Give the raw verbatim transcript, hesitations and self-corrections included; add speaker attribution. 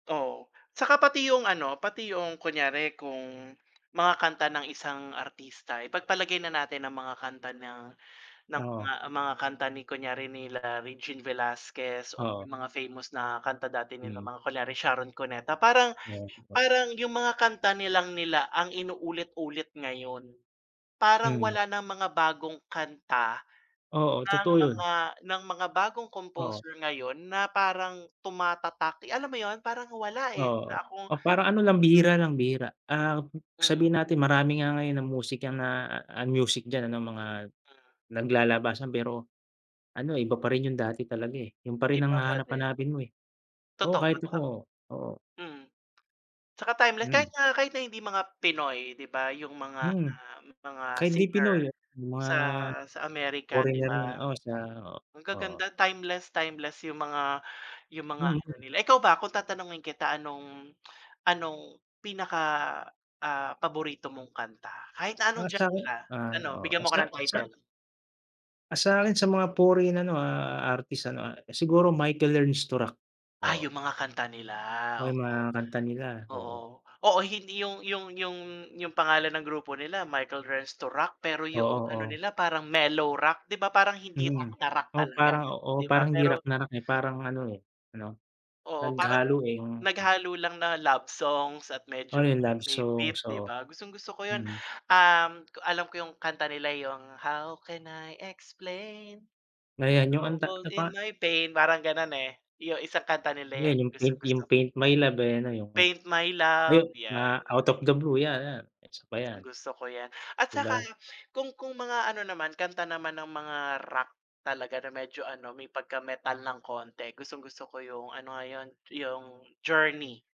Speaker 1: Oo. Tsaka pati yung ano pati yung kunyari kung mga kanta ng isang artista ipagpalagay na natin na mga kanta ng ng
Speaker 2: Oo.
Speaker 1: mga mga kanta ni kunyare nila Regine Velasquez o
Speaker 2: Oo.
Speaker 1: yung mga famous na kanta dati nila
Speaker 2: Mm.
Speaker 1: mga kunyari Sharon Cuneta. Parang
Speaker 2: Yes po.
Speaker 1: parang yung mga kanta nilang nila ang inulit-ulit ngayon. Parang
Speaker 2: Mm.
Speaker 1: wala nang mga bagong kanta
Speaker 2: Oo
Speaker 1: ng
Speaker 2: totoo yun.
Speaker 1: mga ng mga bagong
Speaker 2: Oo.
Speaker 1: composer ngayon na parang tumatatak. Eh, alam mo yun parang wala, eh,
Speaker 2: Oo, oo,
Speaker 1: na akong
Speaker 2: o. Parang ano lang bihira,
Speaker 1: na
Speaker 2: lang bihira. Um,
Speaker 1: Mm.
Speaker 2: sabihin natin marami nga ngayon ang musika na a ang music diyan ano mga
Speaker 1: Mm.
Speaker 2: naglalabasan pero ano iba pa rin yung dati talaga, eh, yun pa rin ang
Speaker 1: Iba pa din.
Speaker 2: hahanap-hanapin mo, eh. Oo
Speaker 1: Totoo
Speaker 2: kahit ako.
Speaker 1: sa
Speaker 2: Oo.
Speaker 1: mm. Tsaka timeless, kahit
Speaker 2: Mm.
Speaker 1: nga kahit na hindi mga Pinoy di ba? yung mga,
Speaker 2: Mm.
Speaker 1: um, mga
Speaker 2: Kahit di
Speaker 1: singer
Speaker 2: Pinoy yung mga
Speaker 1: sa sa Amerika di
Speaker 2: foreigner na
Speaker 1: ba?
Speaker 2: oo sa oo,
Speaker 1: Ang
Speaker 2: oo.
Speaker 1: gaganda timeless timeless yung mga yung mga ano
Speaker 2: Mm
Speaker 1: nila. Ikaw ba kung tatanungin kita anong anong pinaka, ah, paborito mong kanta? Kahit na anong
Speaker 2: Ah, sakin
Speaker 1: genre?
Speaker 2: ah,
Speaker 1: Ano? Bigyan
Speaker 2: oo
Speaker 1: mo ko
Speaker 2: sa
Speaker 1: ng
Speaker 2: sa
Speaker 1: title.
Speaker 2: ah, sakin sa mga foreign ano, ah, a artist ano, ah, siguro Michael Learns to Rock.
Speaker 1: Ah,
Speaker 2: Oo.
Speaker 1: yung mga kanta nila.
Speaker 2: O yung mga
Speaker 1: Oo.
Speaker 2: kanta nila
Speaker 1: Oo.
Speaker 2: oo.
Speaker 1: Oo, hindi yung yung yung yung pangalan ng grupo nila Michael Learns to Rock pero
Speaker 2: Oo,
Speaker 1: yoong ano
Speaker 2: oo.
Speaker 1: nila parang mellow rock. Di ba parang hindi
Speaker 2: Mm.
Speaker 1: rock na rock
Speaker 2: Oo
Speaker 1: talaga
Speaker 2: parang oo
Speaker 1: di ba?
Speaker 2: parang hindi
Speaker 1: Pero
Speaker 2: rock na rock, eh, parang ano, eh, ano
Speaker 1: Oo. Parang
Speaker 2: naghalo, eh, yung. Mm.
Speaker 1: naghalo lang na love songs at
Speaker 2: O
Speaker 1: medyo
Speaker 2: yung
Speaker 1: [unintelligible]
Speaker 2: love
Speaker 1: may
Speaker 2: song,
Speaker 1: beat di
Speaker 2: so
Speaker 1: ba? Gustong-gusto ko yun.
Speaker 2: mm.
Speaker 1: Um, ko alam ko yung kanta nila yung "How can I explain in the
Speaker 2: Ngayon yung anong ta
Speaker 1: trouble
Speaker 2: ta pa
Speaker 1: in my pain" parang ganon, eh, yu isang kanta nila
Speaker 2: Yan
Speaker 1: yan
Speaker 2: yung paint
Speaker 1: gustong-gusto
Speaker 2: yung
Speaker 1: ko.
Speaker 2: "Paint My Love" eh, ano yung
Speaker 1: "Paint My Love"
Speaker 2: yung na
Speaker 1: yan.
Speaker 2: "Out of the Blue" yan ayan isa pa yan.
Speaker 1: Gustong-gusto ko yan. At
Speaker 2: Di
Speaker 1: tsaka
Speaker 2: ba?
Speaker 1: kung kung mga ano naman kanta naman ng mga rock talaga na medyo ano may pagka-metal ng konte. Gustong-gusto ko yung ano nga yun? Yung Journey.